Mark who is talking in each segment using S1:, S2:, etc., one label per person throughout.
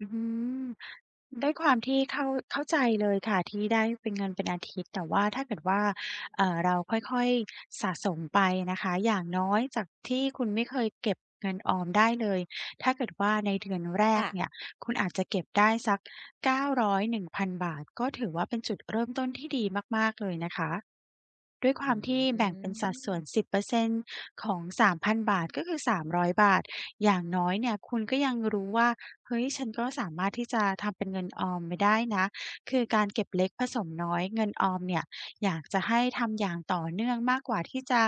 S1: อืม ด้วยความที่เข้า เข้าใจเลยค่ะ ที่ได้ เป็น เงินเป็นอาทิตย์ แต่ว่าถ้าเกิดว่า เอ่อ เราค่อย ๆ สะสมไปนะคะ อย่างน้อยจากที่คุณไม่เคยเก็บเงินออมได้เลย ถ้าเกิดว่าในเดือนแร
S2: ค่
S1: ก
S2: ะ
S1: เนี่ย คุณอาจจะเก็บได้สัก 900 1,000 บาท ก็ถือว่าเป็นจุดเริ่มต้นที่ดีมาก ๆ เลยนะคะ ด้วยค
S2: อ
S1: ว
S2: ื
S1: ามที่แบ่งเป็นสัดส่วน
S2: ม
S1: 10% ของ 3,000 บาท ก็คือ 300 บาท อย่างน้อยเนี่ยคุณก็ยังรู้ว่า "เฮ้ย ฉันก็สามารถที่ จะทำเป็นเงินออมไปได้นะ" คือการเก็บเล็กผสมน้อยเงินออมเนี่ย อยากจะให้ทำอย่างต่อเนื่องมากกว่าที่จะ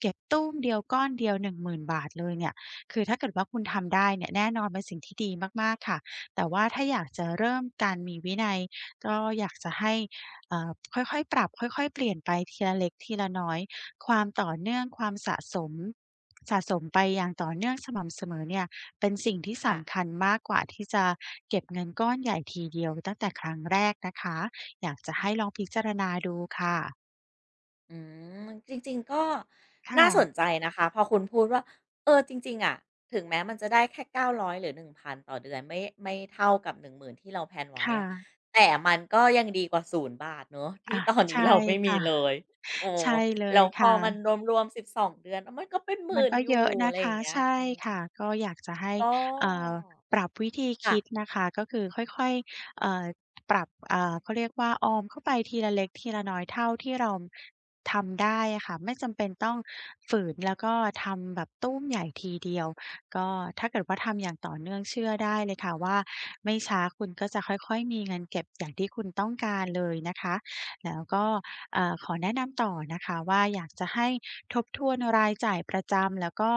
S1: เก็บตู้มเดียวก้อนเดียว 10,000 บาทเลยเนี่ย คือถ้าเกิดว่าคุณทำได้เนี่ย แน่นอนเป็นสิ่งที่ดีมาก ๆ ค่ะ แต่ว่าถ้าอยากจะเริ่มการมีวินัย ก็อยากจะให้ อ่า ค่อย ๆ ปรับค่อย ๆ เปลี่ยนไปทีละเล็กทีละน้อย ความต่อเนื่องความสะสม สะสมไปอย่างต่อเนื่องสม่ำเสมอเนี่ยเป็นสิ่งที่
S2: ค
S1: ส
S2: ่ะ
S1: ำคัญมากกว่าที่จะเก็บเงินก้อนใหญ่ทีเดียวตั้งแต่ครั้งแรกนะคะ อยากจะให้ลองพิจารณาดูค่ะ
S2: อืม มัน จริง ๆ ก็
S1: ค่
S2: น่าส
S1: ะ
S2: นใจนะคะ พอคุณพูดว่า "เออ จริง ๆ อะ ถึงแม้มันจะได้แค่ 900 หรือ 1,000 ต่อเดือนไม่ ไม่เท่ากับ 10,000 ที่เรา แพลน ไว
S1: ค
S2: ้
S1: ่
S2: อะ
S1: ะ
S2: แต่มันก็ยังดีกว่า 0 บาท" เนาะ ที
S1: อ
S2: ่
S1: า
S2: ตอนน
S1: ใ
S2: ี
S1: ช
S2: ้
S1: ่
S2: เราไม่
S1: ค
S2: มี
S1: ่ะ
S2: เลย เออ
S1: ใช่เล
S2: แล้
S1: ย
S2: ว
S1: ค
S2: พ
S1: ่
S2: อมัน
S1: ะ
S2: รวม ๆ 12 เดือน เออ มันก็เป็น หม
S1: ม
S2: ื่
S1: ัน
S2: น
S1: ก็
S2: อยู
S1: เ
S2: ่
S1: ยอะน
S2: อะ
S1: ะ
S2: ไร
S1: ค
S2: อย่า
S1: ะ
S2: งเงี้
S1: ใ
S2: ย
S1: ช่
S2: อื
S1: ค่
S2: อ
S1: ะ ก็อยากจะให้
S2: อ้อ
S1: เอ่อ ปรับวิธี
S2: ค
S1: ค
S2: ่ะ
S1: ิดนะคะ ก็คือค่อย ๆ เอ่อ ปรับ อ่า เขาเรียกว่าออมเข้าไปทีละเล็กทีละน้อยเท่าที่เราทำได้อะค่ะ ไม่จำเป็นต้องฝืน แล้วก็ทำแบบตู้ม ใหญ่ทีเดียว ก็ถ้าเกิดว่าทำ อย่างต่อเนื่อง เชื่อได้เลยค่ะว่าไม่ช้าคุณก็จะค่อย ๆ มีเงินเก็บอย่างที่คุณต้องการเลยนะคะ แล้วก็ อ่า ขอแนะนำต่อนะคะว่าอยากจะให้ทบทวนรายจ่ายประจำ แล้วก็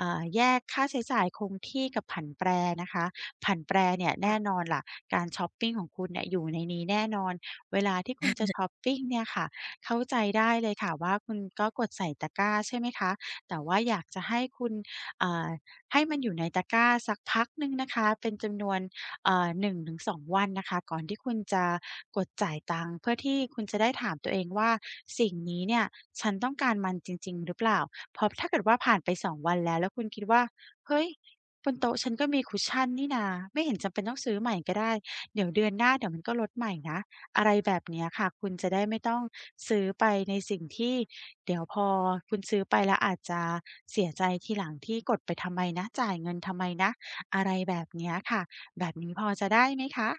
S1: อ่า แยกค่าใช้จ่ายคงที่กับผันแปรนะคะ ผันแปรเนี่ย
S2: ค
S1: แน
S2: ่
S1: ่
S2: ะ
S1: นอนแหละ การช็อปปิงของคุณเนี่ยอยู่ในนี้แน่นอน เวลาที่คุณจะช็อปปิงเนี่ยค่ะ เข้าใจได้เลย ค่ะว่าคุณก็กดใส่ตะกร้า ใช่ไหมคะ แต่ว่าอยากจะให้คุณ อ่า ให้มันอยู่ในตะกร้าสักพักหนึ่งนะคะ เป็นจำนวน อ่า 1-2 วันนะคะ ก่อนที่คุณจะกดจ่ายตังค์ เพื่อที่คุณจะได้ถามตัวเองว่า "สิ่งนี้เนี่ยฉันต้องการมันจริง ๆ หรือเปล่า?" เพราะถ้าเกิดว่าผ่านไป 2 วันแล้ว แล้วคุณคิดว่า "เฮ้ย บนโต๊ะฉันก็มี cushion นี่นา ไม่เห็นจำเป็นต้องซื้อใหม่ก็ได้ เดี๋ยวเดือนหน้า เดี๋ยวมันก็ลดใหม่นะ" อะไรแบบเนี้ยค่ะ คุณจะได้ไม่ต้องซื้อไปในสิ่งที่เดี๋ยวพอคุณซื้อไปแล้วอาจจะเสียใจทีหลังที่ "กดไปทำไมนะ? จ่ายเงินทำไมนะ?" อะไรแบบเนี้ยค่ะ แบบนี้พอจะได้ไหมคะ?